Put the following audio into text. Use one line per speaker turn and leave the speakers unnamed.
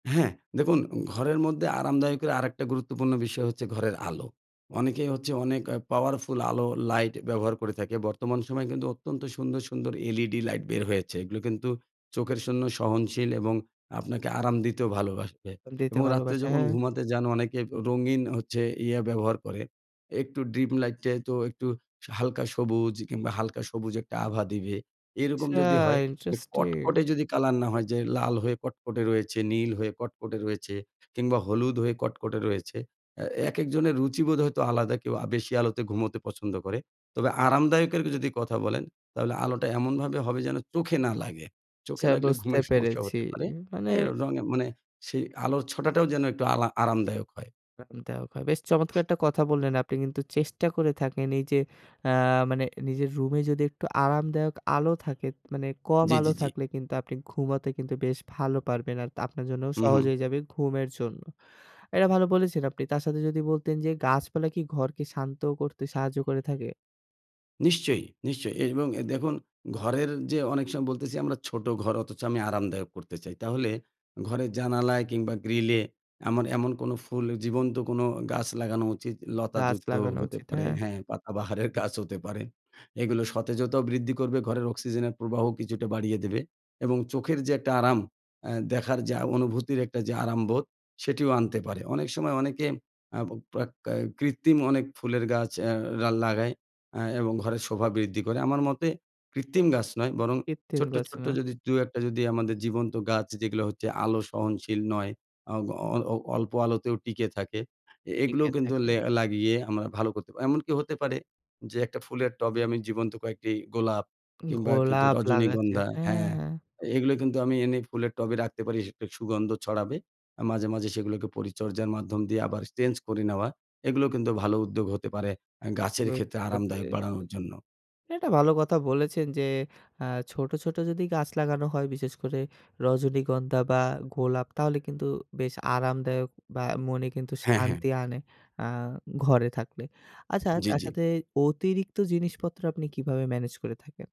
হ্যাঁ, দেখুন, ঘরের মধ্যে আরামদায়ক এর আরেকটা গুরুত্বপূর্ণ বিষয় হচ্ছে ঘরের আলো। অনেকেই হচ্ছে অনেক আ পাওয়ারফুল আলো লাইট ব্যবহার করে থাকে বর্তমান সময়ে কিন্তু অত্যন্ত সুন্দর, সুন্দর LED লাইট বের হয়েছে এগুলো কিন্তু চোখের জন্য সহনশীল এবং আপনাকে আরাম দিতেও ভালোবাসে
দিতে
এবং রাত্রে
ভালোবাসে,
যখন
হ্যাঁ?
ঘুমাতে যান অনেকে অ্যা রঙিন হচ্ছে ইয়ে ব্যবহার করে একটু ড্রিম লাইটটা তো একটু সা হালকা সবুজ কিংবা হালকা সবুজ একটা আভা দিবে। এরকম
আচ্ছা
যদি হয়, যে
ইন্টারেস্টিং।
কটকটে যদি কালার না হয় যে লাল হয়ে কটকটে রয়েছে, নীল হয়ে কটকটে রয়েছে কিংবা হলুদ হয়ে কটকটে রয়েছে। এ একেকজনের রুচিবোধ হয়তো আলাদা কেউ আ বেশি আলোতে ঘুমোতে পছন্দ করে। তবে আরামদায়ক এর যদি কথা বলেন, তাহলে আলোটা এমনভাবে হবে যেন চোখে না লাগে। চোখে
আচ্ছা
লাগলে
বুঝতে
ঘুমের সমস্যা
পেরেছি
হতে পারে।
মানে।
এই রঙের মানে সেই আলোর ছটাটাও যেন একটু আলা আরামদায়ক হয়।
আরামদায়ক হয় বেশ চমৎকার একটা কথা বললেন আপনি কিন্তু চেষ্টা করে থাকেন এই যে আ মানে নিজের রুমে যদি একটু আরামদায়ক আলো থাকে, মানে কম
জি,
আলো
জি, জি।
থাকলে কিন্তু আপনি ঘুমাতে কিন্তু বেশ ভালো পারবেন আর আপনার জন্য
হুম,
সহজ
হুম।
হয়ে যাবে ঘুমের জন্য। এটা ভালো বলেছেন, আপনি তার সাথে যদি বলতেন যে গাছপালা কি ঘরকে শান্ত করতে সাহায্য করে থাকে?
নিশ্চয়ই, নিশ্চয়ই এর এবং দেখুন ঘরের যে অনেক সময় বলতেছি আমরা ছোট ঘর অথচ আমি আরামদায়ক করতে চাই। তাহলে ঘরের জানালায় কিংবা গ্রিলে এমন, এমন কোন ফুল জীবন্ত কোন গাছ লাগানো উচিত
গাছ
লতাযুক্ত
লাগানো
হতে
উচিত,
পারে
হ্যাঁ।
হ্যাঁ, পাতাবাহারের গাছ হতে পারে এগুলো সতেজতাও বৃদ্ধি করবে, ঘরের অক্সিজেনের প্রবাহও কিছুটা বাড়িয়ে দেবে এবং চোখের যে একটা আরাম আ দেখার যে আ অনুভূতির একটা যে আরামবোধ সেটিও আনতে পারে। অনেক সময় অনেকে আ প্রয়োগকা কৃত্রিম অনেক ফুলের গাছ অ্যা রা লাগায় আ এবং ঘরে শোভা বৃদ্ধি করে। আমার মতে কৃত্রিম গাছ নয় বরং
কৃত্রিম
ছোট্ট,
গাছ
ছোট্ট
না।
যদি ২-১ টা যদি আমাদের জীবন্ত গাছ যেগুলো হচ্ছে আলো সহনশীল নয়, অগ অ অল্প আলোতেও টিকে থাকে। এগুলো
টিকে
কিন্তু
থাকে।
লে লাগিয়ে আমরা ভালো করতে পারি। এমনকি হতে পারে যে একটা ফুলের টবে আমি জীবন্ত কয়েকটি গোলাপ কিংবা কিছু
গোলাপ লাগাচ্ছেন
রজনীগন্ধা
হ্যাঁ,
হ্যাঁ,
হ্যাঁ।
এগুলো কিন্তু আমি এনে ফুলের টবে রাখতে পারি সে সেটার সুগন্ধ ছড়াবে। আ মাঝে, মাঝে সেগুলোকে পরিচর্যার মাধ্যম দিয়ে আবার চেঞ্জ করে নেওয়া এগুলো কিন্তু ভালো উদ্যোগ হতে পারে আ গাছের ক্ষেত্রে
বুঝতে
আরামদায়ক
পেরেছি,
বাড়ানোর জন্য।
এটা ভালো কথা বলেছেন, যে আ ছোট, ছোট যদি গাছ লাগানো হয় বিশেষ করে রজনীগন্ধা বা গোলাপ তাহলে কিন্তু বেশ আরামদায়ক বা মনে কিন্তু
হ্যাঁ, হ্যাঁ।
শান্তি আনে আ ঘরে থাকলে। আচ্ছা
জি,
তার
জি।
সাথে অতিরিক্ত জিনিসপত্র আপনি কিভাবে মেনেজ করে থাকেন?